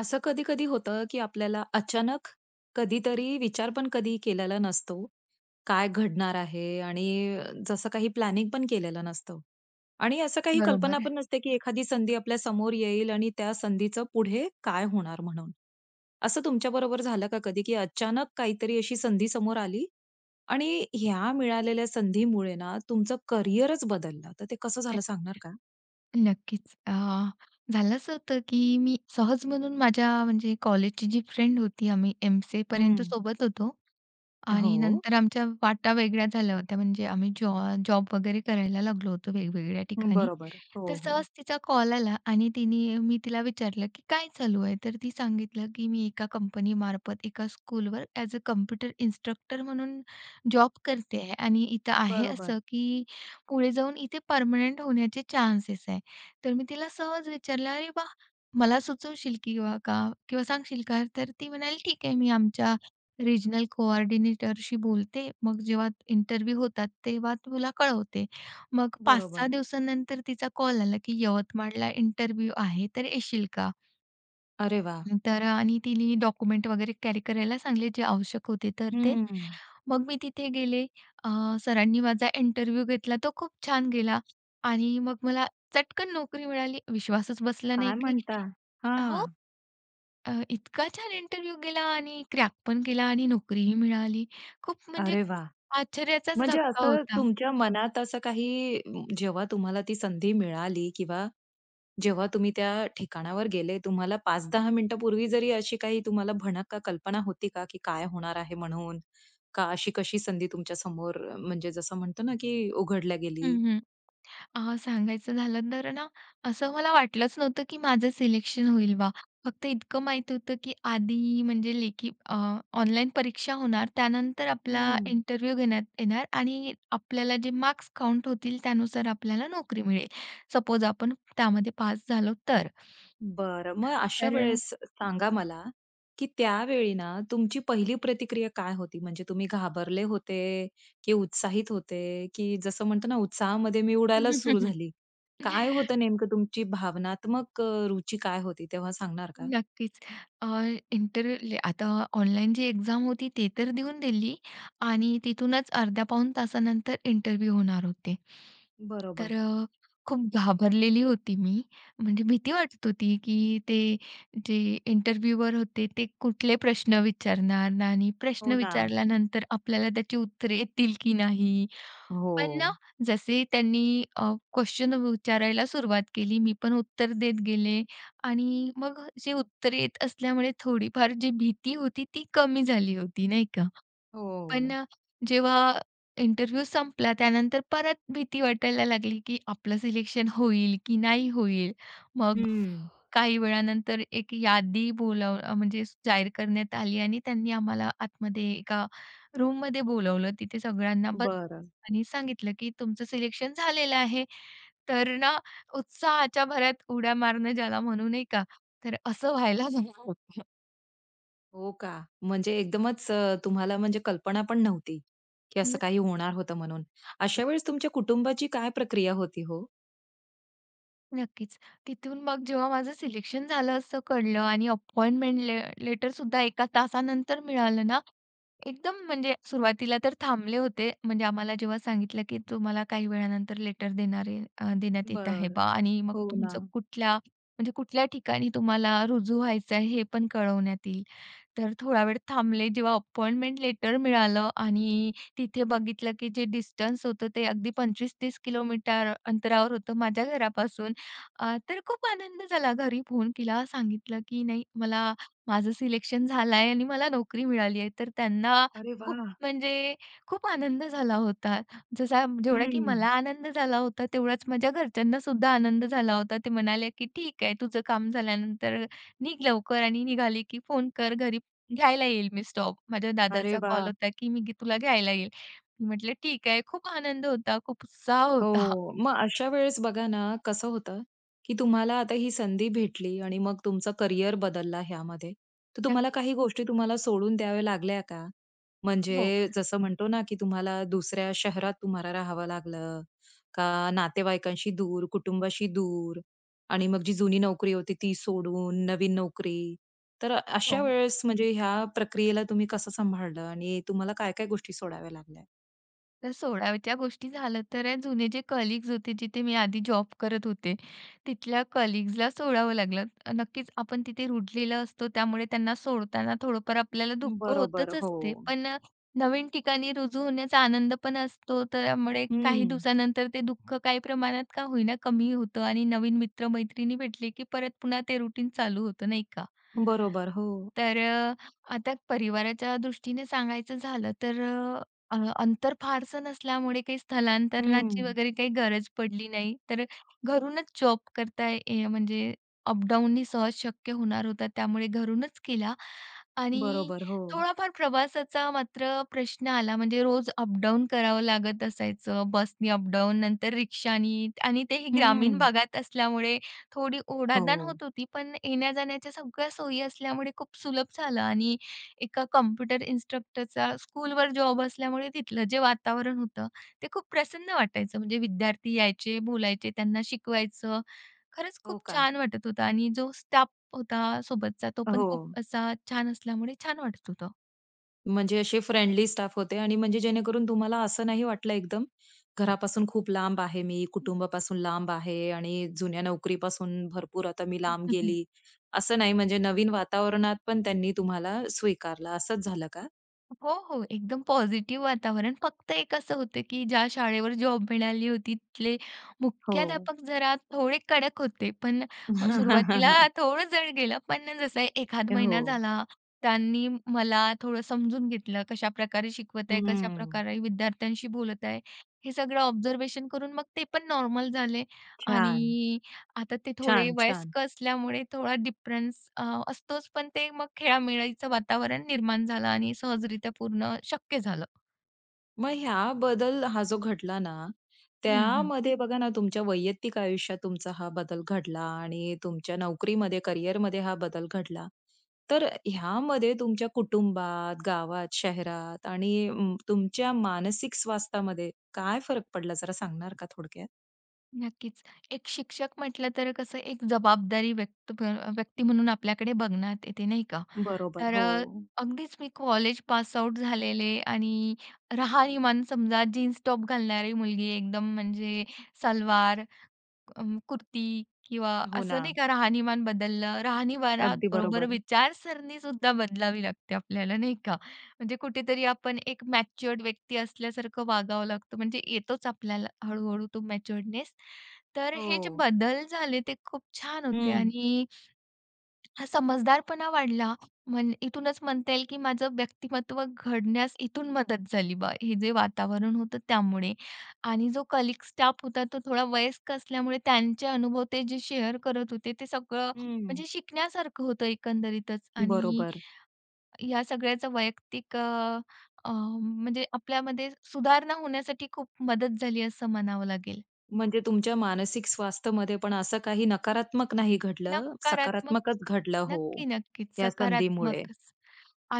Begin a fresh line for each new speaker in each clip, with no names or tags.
असं कधी-कधी होतं, की आपल्याला अचानक कधीतरी विचार पण कधीही केलेला नसतो, काय घडणार आहे? आणि जसं काही प्लॅनिंग पण केलेलं नसतं आणि असं काही कल्पना
बरोबर आहे.
पण नसते, की एखादी संधी आपल्या समोर येईल आणि त्या संधीचं पुढे काय होणार म्हणून? असं तुमच्या बरोबर झालं का कधी, की अचानक काहीतरी अशी संधी समोर आली आणि ह्या मिळालेल्या संधीमुळे ना तुमचं करियरच बदललं; तर ते कसं
नक्कीच,
झालं सांगणार का?
नक्कीच. अ, झालं असं होतं की मी सहज म्हणून माझ्या, म्हणजे कॉलेजची जी फ्रेंड होती, आम्ही एमसीएपर्यंत
हं.
सोबत होतो आणि
हो.
नंतर आमच्या वाटा वेगळ्या झाल्या होत्या, म्हणजे आम्ही जॉ जॉब वगैरे करायला लागलो होतो वेगवेगळ्या ठिकाणी.
बरोबर,
तर
हो, हो.
सहज तिचा कॉल आला आणि तिने मी तिला विचारलं, की "काय चालू आहे?" तर ती सांगितलं, की "मी एका कंपनीमार्फत एका स्कूलवर एएस अ कॉम्प्युटर इन्स्ट्रक्टर म्हणून जॉब करते आहे आणि इथं आहे
बरोबर.
असं की पुढे जाऊन इथे परमनंट होण्याचे चान्सेस आहेत." तर मी तिला सहज विचारलं, "अरे वाह! मला सुचवशील किंवा का किंवा सांगशील का?" तर ती म्हणाली, "ठीक आहे, मी आमच्या रिजनल कोऑर्डिनेटरशी बोलते, मग जेव्हा इंटरव्ह्यू होतात तेव्हा तुला कळवते." मग 5-6
बरोबर.
दिवसानंतर तिचा कॉल आला, की "यवतमाळला इंटरव्ह्यू आहे, तर येशील का?"
अरे वाह!
हं, तर अ, आणि तिनी डॉक्युमेंट वगैरे कॅरी करायला सांगितले, जे आवश्यक होते तर ते.
हम्म.
मग मी तिथे गेले अ, सरांनी माझा इंटरव्ह्यू घेतला तो खूप छान गेला आणि मग मला चटकन नोकरी मिळाली. विश्वासच बसला नाही
काय
की
म्हणता?
हो.
हां.
अ, इतका छान इंटरव्ह्यू गेला आणि क्रॅक पण केला आणि नोकरीही मिळाली. खूप म्हणजे
अरे वाह!
आश्चर्याचाच
म्हणजे
धक्का
असं
होता.
तुमच्या मनात असं काही जेव्हा तुम्हाला ती संधी मिळाली किंवा जेव्हा तुम्ही त्या ठिकाणावर गेले तुम्हाला 5-10 मिनिटांपूर्वी जरी अशी काही तुम्हाला भणक का कल्पना होती का की काय होणार आहे म्हणून? का अशी कशी संधी तुमच्या समोर म्हणजे जसं म्हणतो ना की उघडल्या
हं,
गेली.
हं. अ, सांगायचं झालं तर ना, असं मला वाटलंच नव्हतं की माझं सिलेक्शन होईल बा. फक्त इतकं माहीत होतं की आधी म्हणजे लेखी अ, ऑनलाईन परीक्षा होणार त्यानंतर आपला
हं.
इंटरव्ह्यू घेण्यात येणार आणि आपल्याला जे मार्क्स काउंट होतील, त्यानुसार आपल्याला नोकरी मिळेल. सपोज आपण त्यामध्ये पास झालो तर.
बरं. मग अशा
तर अ,
वेळेस सांगा मला की त्यावेळी ना, तुमची पहिली प्रतिक्रिया काय होती? म्हणजे तुम्ही घाबरले होते, की उत्साहित होते, की जसं म्हणतो ना, उत्साहामध्ये मी उडायलाच सुरू झाली. काय होतं नेमकं तुमची भावनात्मक अ, रुची काय होती तेव्हा, सांगणार का?
नक्कीच. अ, इंटरव्ह्यू आता ऑनलाईन जी एक्झाम होती, ती तर देऊन दिली आणि तिथूनच अर्ध्या-पाऊण तासानंतर इंटरव्ह्यू होणार होते. तर
बरोबर.
अ, खूप घाबरलेली होती मी, म्हणजे भीती वाटत होती की ते जे इंटरव्ह्यूवर होते ते कुठले प्रश्न विचारणार आणि प्रश्न
हो ना.
विचारल्यानंतर आपल्याला त्याची उत्तरे येतील की नाही? पण ना,
हो.
जसे त्यांनी अ, क्वेशन वि विचारायला सुरुवात केली, मी पण उत्तर देत गेले आणि मग अ, जे उत्तरे येत असल्यामुळे थोडीफार जी भीती होती ती कमी झाली होती, नाही का? पण
हो.
अ, जेव्हा इंटरव्ह्यू संपला त्यानंतर परत भीती वाटायला लागली की आपलं सिलेक्शन होईल की नाही होईल. मग अ,
हं.
काही वेळानंतर एक यादी बोलव अ, म्हणजे स जाहीर करण्यात आली आणि त्यांनी आम्हाला आतमध्ये एका रूममध्ये बोलावलं तिथे सगळ्यांना बस
बरं.
आणि सांगितलं की तु मचं सिलेक्शन झालेलं आहे. तर ना उत्साहाच्या भरात उड्या मारणं ज्याला म्हणू, नाही का, तर असं व्हायला [unintelligible] होतं.
हो का? म्हणजे एकदमच तुम्हाला म्हणजे कल्पना पण नव्हती, की
हं.
असं काही होणार होतं म्हणून. अशा वेळेस तुमच्या कुटुंबाची काय प्रक्रिया होती हो?
नक्कीच. तिथून मग जेव्हा माझं सिलेक्शन झालं असं कळलं आणि अपॉइंटमेंट ले लेटरसुद्धा एका तासानंतर मिळालं ना, एकदम म्हणजे सुरुवातीला तर थांबले होते. म्हणजे आम्हाला जेव्हा सांगितलं, की तुम्हाला काही वेळानंतर लेटर देणार अ, देण्यात येत आहे
बरं.
बा आणि मग
हो
तुमचं
ना.
कुठल्या, म्हणजे कुठल्या ठिकाणी तुम्हाला रुजू व्हायच आहे हे पण कळवण्यात येईल. तर थोडा वेळ थांबले. जेव्हा अपॉइंटमेंट लेटर मिळालं आणि तिथे बघितलं, की जे डिस्टन्स होतं ते अगदी 25-30 किलोमीटर अंतरावर होतं माझ्या घरापासून. अ, तर खूप आनंद झाला. घरी फोन केला. सांगितलं की नाही, मला "माझं सिलेक्शन झालाय आणि मला नोकरी मिळाली आहे." तर त्यांना
अरे
खूप
वाह!
म्हणजे, खूप आनंद झाला होता. जसा, जेवढा की मला
हम्म.
आनंद झाला होता तेवढाच माझ्या घरच्यांनासुद्धा आनंद झाला होता. ते म्हणाले, "की ठीक आहे. तुझं काम झाल्यानंतर निघ लवकर आणि निघाली की फोन कर घरी, घ्यायला येईल." मी स्टॉप माझ्या
अरे
दादाचा कॉल
वाह!
होता, "की मी तुला घ्यायला येईल." मी म्हटले, "ठीक आहे." खूप आनंद होता, खूप उत्साह होता.
हो. मग अशा वेळेस बघा ना, कसं होतं, की तुम्हाला आता ही संधी भेटली आणि मग तुमचं करियर बदलला ह्यामध्ये. तर तुम्हाला
नक्कीच.
काही गोष्टी तुम्हाला सोडून द्याव्या लागल्या का?
हो.
म्हणजे जसं म्हणतो ना, की तुम्हाला दुसऱ्या शहरात तुम्हाला राहावं लागलं का नातेवाईकांशी दूर, कुटुंबाशी दूर आणि मग जी जुनी नोकरी होती ती सोडून नवीन नोकरी. तर अशा
हो.
वेळेस म्हणजे ह्या प्रक्रियेला तुम्ही कसं सांभाळलं? आणि तुम्हाला काय काय गोष्टी सोडाव्या लागल्या?
तर सोडायच्या गोष्टी झाल्या तर जुने जे कलीग्स होते जिथे मी आधी जॉब करत होते, तिथल्या कलीग्जला सोडावं लागलं. नक्कीच आपण तिथे रूळलेलो असतो त्यामुळे त्यांना सोडताना थोडंफार आपल्याला
अं,
दुःख
बरोबर,
होतच असते.
हो.
पण अ, नवीन ठिकाणी रुजू होण्याचा आनंद पण असतो. त्यामुळे काही
हं.
दिवसानंतर ते दुःख काही प्रमाणात का होईना कमी होतं आणि नवीन मित्र-मैत्रिणी भेटली की परत पुन्हा ते रुटीन चालू होतं, नाही का.
बरोबर, हो.
तर अ, आता परिवाराच्या दृष्टीने सांगायचं झालं तर अ, अ अंतर फारसं नसल्यामुळे काही स्थलांतरणाची
हं.
वगैरे काही गरज पडली नाही. तर घरूनच जॉब करता आहे य म्हणजे अप-डाउननी सहज शक्य होणार होतं त्यामुळे घरूनच केला. आणि
बरोबर, हो.
थोडाफार प्रवासाचा मात्र प्रश्न आला म्हणजे रोज अप-डाउन करावं लागत असायचं, बसनी अप-डाउन नंतर रिक्षानी आणि तेही ग्रामीण
हं.
भागात असल्यामुळे थोडी ओढाताण
हो.
होत होती. पण येण्या-जाण्याच्या सगळ्या सोयी असल्यामुळे खूप सुलभ झालं आणि, एका कॉम्प्युटर इन्स्ट्रक्टरचा स्कूलवर जॉब असल्यामुळे तिथलं जे वातावरण होतं ते खूप प्रसन्न वाटायचं म्हणजे विद्यार्थी यायचे, बोलायचे, त्यांना शिकवायचं खरंच खूप
हो का?
छान वाटत होतं आणि जो स्टाफ होता सोबतचा तो
अ,
पण खूप
हो.
असा छान असल्यामुळे छान वाटत होतं.
म्हणजे असे फ्रेंडली स्टाफ होते आणि म्हणजे जेणेकरून तुम्हाला असं नाही वाटलं एकदम, घरापासून खूप लांब आहे मी, कुटुंबापासून लांब आहे आणि जुन्या नोकरीपासून भरपूर आता मी लांब गेली. असं नाही म्हणजे नवीन वातावरणात पण त्यांनी तुम्हाला स्वीकारलं असंच झालं का?
हो, हो. एकदम पॉझिटिव्ह वातावरण फक्त एक असं होतं, की ज्या शाळेवर जॉब मिळाली होती, तिथले
हो.
मुख्याध्यापक जरा थोडे कडक होते, पण अ, सुरुवातीला थोडं जड गेलं, पण जसं एखाद महिना
हो.
झाला. त्यांनी मला थोडं समजून घेतलं कशा प्रकार, शिकवत आहे, कशा
हं.
प्रकारे विद्यार्थ्यांशी बोलत आहे हे सगळं ऑब्झर्वेशन करून मग ते पण नॉर्मल झाले.
छान.
आणि आता ते थोडे
छान, छान.
वयस्क असल्यामुळे थोडा डिफरन्स अ, असतोच पण ते मग खेळीमेळीचं वातावरण निर्माण झालं आणि सहजरीत्या पूर्ण शक्य झालं.
मग ह्या बदल हा जो घडला ना,
हं, हं.
त्यामध्ये बघा ना तुमच्या वैयक्तिक आयुष्यात तुमचा हा बदल घडला आणि तुमच्या नोकरीमध्ये करिअरमध्ये हा बदल घडला. तर अ, ह्यामध्ये तुमच्या कुटुंबात, गावात, शहरात आणि उम्म तुमच्या मानसिक स्वास्थ्यामध्ये काय फरक पडला जरा सांगणार का थोडक्यात?
नक्कीच. एक शिक्षक म्हटलं तर कसं एक जबाबदारी व्यक्त अ, व्यक्ती म्हणून आपल्याकडे बघण्यात येते नाही का?
बरोबर,
तर अ,
हो.
अगदीच मी कॉलेज पासआउट झालेले आणि राहणीमान समजा जीन्स-टॉप घालणारी मुलगी एकदम म्हणजे सलवार अं, कुर्ती किंवा
हो
असं नाही
ना.
का राहणीमान बदललं.
अगदी
राहणीमानाबरोबर
बरोबर.
विचारसरणीसुद्धा बदलावी लागते आपल्याला नाही का? म्हणजे कुठेतरी आपण एक मॅच्युअर्ड व्यक्ती असल्यासारखं वागावं लागतं म्हणजे येतोच आपल्याला हळू-हळू तो मॅच्युअर्डनेस. तर हे जे
हो.
बदल झाले ते खूप छान होते
हं
आणि हा समजदारपणा वाढला म्हण इथूनच म्हणता येईल की माझं व्यक्तिमत्व घडण्यास इथून मदत झाली बा, हे जे वातावरण होतं त्यामुळे. आणि जो कलीग स्टाफ होता तो थोडा वयस्क असल्यामुळे त्यांचे अनुभव ते जे शेअर करत होते ते सगळं
हं.
म्हणजे शिकण्यासारखं होतं एकंदरीतच आणि
बरोबर.
ह्या सगळ्याचं वैयक्तिक अ, अ, म्हणजे आपल्यामध्ये सुधारणा होण्यासाठी खूप मदत झाली असं म्हणावं लागेल.
म्हणजे तुमच्या मानसिक स्वास्थ्यमध्ये पण असं काही
हं.
नकारात्मक नाही घडलं,
नकारात्मक.
सकारात्मकच घडलं, हो,
नक्की, नक्कीच
या संधीमुळे.
सकारात्मकच.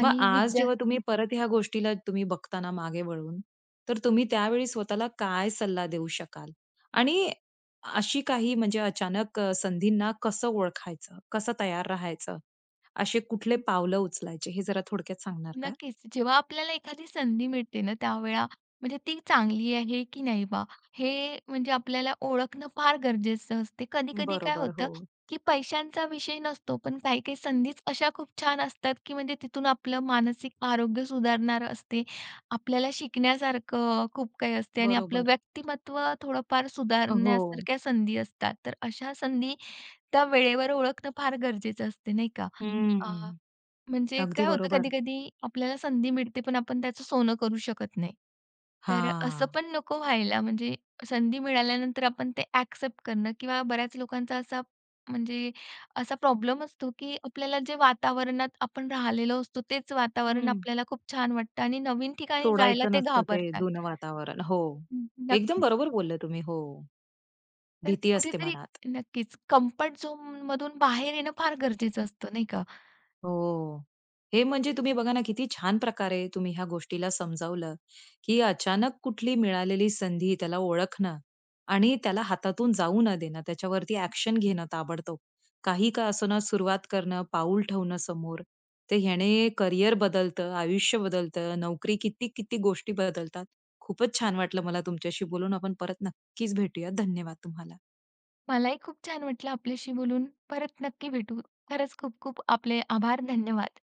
मग आज
विद्या
जेव्हा तुम्ही परत ह्या गोष्टीला तुम्ही बघता ना मागे वळून, तर तुम्ही त्यावेळी स्वतःला काय सल्ला देऊ शकाल? आणि अशी काही म्हणजे अचानक अ, संधींना कसं ओळखायचं? कसं तयार राहायचं? असे कुठले
हं.
पावलं उचलायचे हे जरा थोडक्यात सांगणार का?
नक्कीच जेव्हा आपल्याला एखादी संधी मिळते ना त्यावेळी म्हणजे ती चांगली आहे की नाही बा, हे म्हणजे आपल्याला ओळखणं फार गरजेचं असते. कधी-कधी काय
बरोबर,
होतं
हो.
की पैशांचा विषय नसतो पण काही-काही संधीच अशा खूप छान असतात की म्हणजे तिथून आपलं मानसिक आरोग्य सुधारणार असते, आपल्याला शिकण्यासारखं खूप काही असते आणि आपलं
बरोबर.
व्यक्तिमत्व थोडंफार
हो.
सुधारण्यासारख्या संधी असतात. तर अशा संधी, त्या वेळेवर ओळखणं फार गरजेचं असतं नाही का? अ,
हम्म.
म्हणजे
अगदी
काय होतं
बरोबर.
कधी-कधी आपल्याला संधी मिळते पण आपण त्याचं सोनं करू शकत नाही. तर असं
हां.
पण नको व्हायला म्हणजे संधी मिळाल्यानंतर आपण ते ॲक्सेप्ट करणं किंवा बऱ्याच लोकांचा असा म्हणजे असा प्रॉब्लेम असतो, की आपल्याला जे वातावरणात आपण राहिलेलो असतो तेच वातावरण
हं.
आपल्याला खूप छान वाटतं आणि नवीन ठिकाणी जायला
सोडायचं
ते
नसतं ते
घाबरतात.
जुनं वातावरण. हो.
हं,
एकदम
नक्कीच.
बरोबर बोलले तुम्ही, हो.
तर
भीती असते
कुठेतरी
मनात.
नक्कीच कम्फर्ट झोनमधून बाहेर येणं फार गरजेचं असतं, नाही का?
हो. हे म्हणजे तुम्ही बघा ना किती छान प्रकारे तुम्ही ह्या गोष्टीला समजावलं, की अचानक कुठली मिळालेली संधी त्याला ओळखणं आणि त्याला हातातून जाऊ न देणं त्याच्यावरती ॲक्शन घेणं ताबडतोब. काही का असेना सुरुवात करणं, पाऊल ठेवणं समोर, तर ह्याने करियर बदलतं, आयुष्य बदलतं, नोकरी, किती-किती गोष्टी बदलतात. खूपच छान वाटलं मला तुमच्याशी बोलून आपण परत नक्कीच भेटूयात. धन्यवाद तुम्हाला.
मलाही खूप छान वाटलं आपल्याशी बोलून. परत नक्की भेटू. खरंच खूप खूप आपले आभार. धन्यवाद.